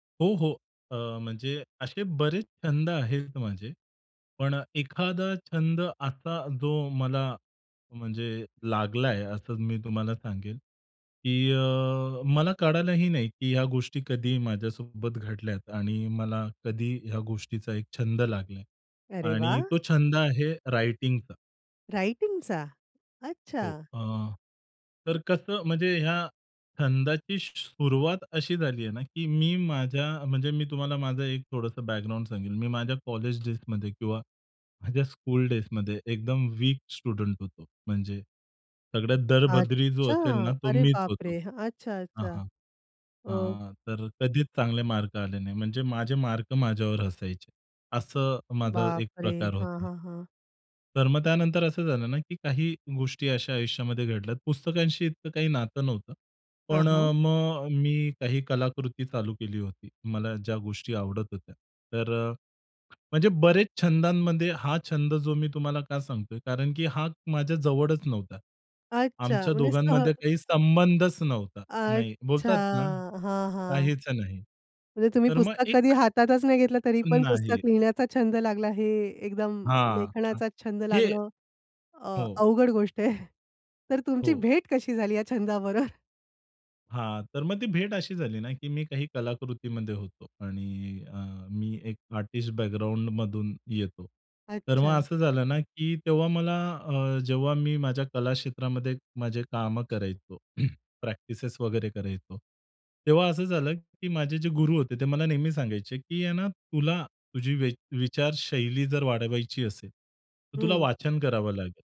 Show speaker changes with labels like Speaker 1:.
Speaker 1: हो, हो. अ, म्हणजे असे बरेच छंद आहेत माझे. पण एखादा छंद असा जो मला म्हणजे लागलाय, असं मी तुम्हाला सांगेन की अ, मला कळालही नाही, की ह्या गोष्टी कधी माझ्यासोबत घडल्यात आणि मला कधी ह्या गोष्टीचा एक छंद लागलाय.
Speaker 2: अरे
Speaker 1: आणि
Speaker 2: वाह!
Speaker 1: तो छंद आहे रायटिंगचा.
Speaker 2: रायटिंगचा?
Speaker 1: हो.
Speaker 2: अच्छा.
Speaker 1: अ, तर कसं म्हणजे या छंदाची सुरुवात अशी झालीये ना, की मी माझ्या म्हणजे मी तुम्हाला माझा एक थोडंसं बॅकग्राऊंड सांगेन. मी माझ्या कॉलेज डेज मध्ये किंवा माझ्या स्कूल डेज मध्ये एकदम वीक स्टुडंट होतो. म्हणजे सगळ्यात दळभद्री जो
Speaker 2: अच्छा.
Speaker 1: असेल ना, तो
Speaker 2: अरे
Speaker 1: मीच
Speaker 2: बाप
Speaker 1: होतो
Speaker 2: रे! अच्छा,
Speaker 1: हां,
Speaker 2: अच्छा.
Speaker 1: हां.
Speaker 2: अ
Speaker 1: अ, तर कधीच चांगले मार्क आले नाही. म्हणजे माझे मार्क माझ्यावर हसायचे असं माझा
Speaker 2: बाप
Speaker 1: एक
Speaker 2: रे!
Speaker 1: प्रकार
Speaker 2: हां,
Speaker 1: होता.
Speaker 2: हां, हां.
Speaker 1: तर मग त्यानंतर असं झालं ना, की काही गोष्टी अशा आयुष्यामध्ये घडल्यात. पुस्तकांशी इतकं काही नातं नव्हतं.
Speaker 2: हां,
Speaker 1: पण
Speaker 2: हां.
Speaker 1: मग मी काही कलाकृती चालू केली होती. मला ज्या गोष्टी आवडत होत्या. तर म्हणजे बरेच छंदांमध्ये, हा छंद जो मी तुम्हाला का सांगतोय, कारण की हा माझ्या जवळच नव्हता.
Speaker 2: अच्छा,
Speaker 1: आमच्या
Speaker 2: म्हणजे सह
Speaker 1: दोघांमध्ये काही संबंधच नव्हता. नाही.
Speaker 2: अच्छा!
Speaker 1: बोलतात ना
Speaker 2: हां, हां.
Speaker 1: काहीच नाही.
Speaker 2: म्हणजे तुम्ही
Speaker 1: तर मग
Speaker 2: पुस्तक कधी
Speaker 1: एक
Speaker 2: हातातच नाही घेतलं, तरी पण
Speaker 1: नाही.
Speaker 2: पुस्तक लिहिण्याचा छंद लागला. हे एकदम
Speaker 1: हां.
Speaker 2: लेखनाचा छंद
Speaker 1: हे
Speaker 2: लागणं अ,
Speaker 1: हो.
Speaker 2: अवघड गोष्ट आहे. तर तुमची
Speaker 1: हो.
Speaker 2: भेट कशी झाली या छंदाबरोबर?
Speaker 1: हां. तर मग ती भेट अशी झाली ना, की मी काही कलाकृतीमध्ये होतो. आणि अ, मी एक आर्टिस्ट बॅकग्राऊंडमधून येतो. तर मग
Speaker 2: अच्छा.
Speaker 1: असं झालं ना, की तेव्हा मला अ, जेव्हा मी माझ्या कलाक्षेत्रामध्ये माझे कामं करायचो. प्रॅक्टिसेस वगैरे करायचो. तेव्हा असं झालं की माझे जे गुरु होते, ते मला नेहमी सांगायचे की आहे ना, तुला तुझी वि विचारशैली जर वाढवायची असेल तर, तुला
Speaker 2: हं.
Speaker 1: वाचन करावं लागेल.